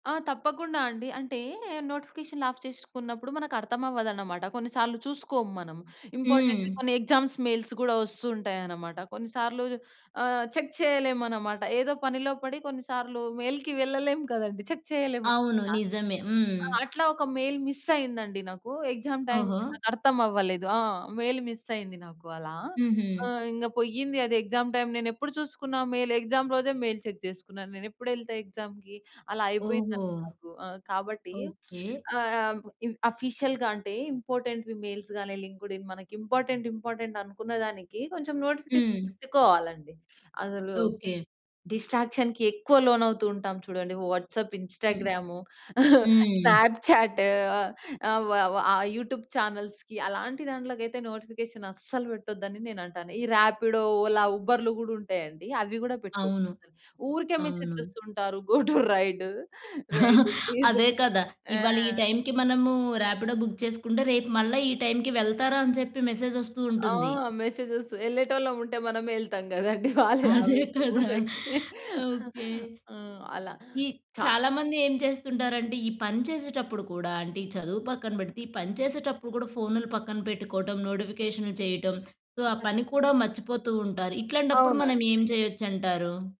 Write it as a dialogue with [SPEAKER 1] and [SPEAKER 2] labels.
[SPEAKER 1] ఆ! తప్పకుండా అండి. అంటే నోటిఫికేషన్‌లు ఆఫ్ చేసుకున్నప్పుడు మనకర్థమవ్వదన్నమాట. కొన్నిసార్లు చూసుకోము మనం. ఇంపార్టెంట్‌వి
[SPEAKER 2] హ్మ్.
[SPEAKER 1] కొన్ని ఎగ్జామ్స్ మెయిల్స్ గూడా వస్తూంటాయనమాట. కొన్నిసార్లు ఆహ్, చెక్ చేయలేమనమాట. ఏదో పనిలో పడి కొన్నిసార్లు మెయిల్‌కి వెళ్ళలేము కదండీ! చెక్ చేయలేము.
[SPEAKER 2] అవును.
[SPEAKER 1] ఆ!
[SPEAKER 2] నిజమే. హ్మ్.
[SPEAKER 1] అట్లా ఒక మెయిల్ మిస్సయిందండి నాకు, ఎగ్సామ్ టైమ్.
[SPEAKER 2] ఓహో!
[SPEAKER 1] నాకర్థమవ్వలేదు. ఆ! మెయిల్ మిస్ అయింది నాకు అలా.
[SPEAKER 2] హుహు.
[SPEAKER 1] ఆహ్, ఇంగ పోయింది అది ఎగ్సామ్ టైమ్. నేను ఎప్పుడు చూసుకున్నా మెయిల్? ఎగ్సామ్ రోజే మెయిల్ చెక్ చేసుకున్నాను. నేనెప్పుడెళ్తా ఎగ్జామ్‌కి? అలా
[SPEAKER 2] ఓహో!
[SPEAKER 1] అయిపోయిందండి నాకు. ఆ! కాబట్టి
[SPEAKER 2] ఓకే.
[SPEAKER 1] ఆహ్, ఆహ్, బ్ ఇన్ ఆఫీషియల్‌గా అంటే ఇంపార్టెంట్‌వి మెయిల్స్ గానీ లింకుడ్ఇన్ మనకి ఇంపార్టెంట్ ఇంపార్టెంట్ అనుకున్న దానికి కొంచెం నోటిఫికేషన్
[SPEAKER 2] హ్మ్.
[SPEAKER 1] పెట్టుకోవాలండి. అసలు
[SPEAKER 2] ఓకే.
[SPEAKER 1] డిస్ట్రాక్షన్‌కి ఎక్కువ లోనవుతూ ఉంటాం చూడండి. వాట్సాప్,
[SPEAKER 2] హ్మ్.
[SPEAKER 1] ఇన్‌స్టా‌గ్రాము,
[SPEAKER 2] హ్మ్.
[SPEAKER 1] స్నాప్‌చాట్, ఆహ్, ఆహ్, వ వ ఆ యూట్యూబ్ చానెల్స్‌కి అలాంటి దాంట్లోకి అయితే నోటిఫికేషన్ అస్సలు పెట్టొద్దని నేనంటాను. ఈ ర్యాపిడో, ఓలా, ఉబర్‌లు గూడుంటాయండి. అవి గూడా పెట్టద్దు.
[SPEAKER 2] అవును.
[SPEAKER 1] ఊరికే మెసేజ్
[SPEAKER 2] అవును.
[SPEAKER 1] జేస్తుంటారు go to ride. Ride please
[SPEAKER 2] అదే కదా!
[SPEAKER 1] ఆ!
[SPEAKER 2] ఇవాళ ఈ టై‌మ్‌కి మనము ర్యాపిడో బుక్ చేసుకుంటే రేపు మళ్ళా ఈ టై‌మ్‌కి వెళ్తారా? అని చెప్పి మెసేజొస్తూ
[SPEAKER 1] ఆ!
[SPEAKER 2] ఉంటుంది.
[SPEAKER 1] మెసేజెస్, యెళ్ళేటోళ్ళం ఉంటే మనమే యెళ్తాం గదండీ! వాళ్ళే
[SPEAKER 2] అదే
[SPEAKER 1] అవును,
[SPEAKER 2] కదా!
[SPEAKER 1] వూర్లోకి.
[SPEAKER 2] ఓకే.
[SPEAKER 1] ఆ! అలా.
[SPEAKER 2] ఈ
[SPEAKER 1] చా
[SPEAKER 2] చాలా మంది ఏం చేస్తుంటారంటే ఈ పని చేసేటప్పుడు కూడా అంటే ఈ చదువు పక్కన పెడితే, ఈ పని చేసేటప్పుడు కూడా ఫోన్‌లు పక్కన పెట్టుకోవడం, నోటిఫికేషన్‌లు చేయటం. సో, ఆ పని
[SPEAKER 1] కచ్చి
[SPEAKER 2] కూడా మర్చిపోతూంటారు. ఇట్లాంటప్పుడు మనం
[SPEAKER 1] అవునండి.
[SPEAKER 2] ఏం చేయొచ్చంటారు?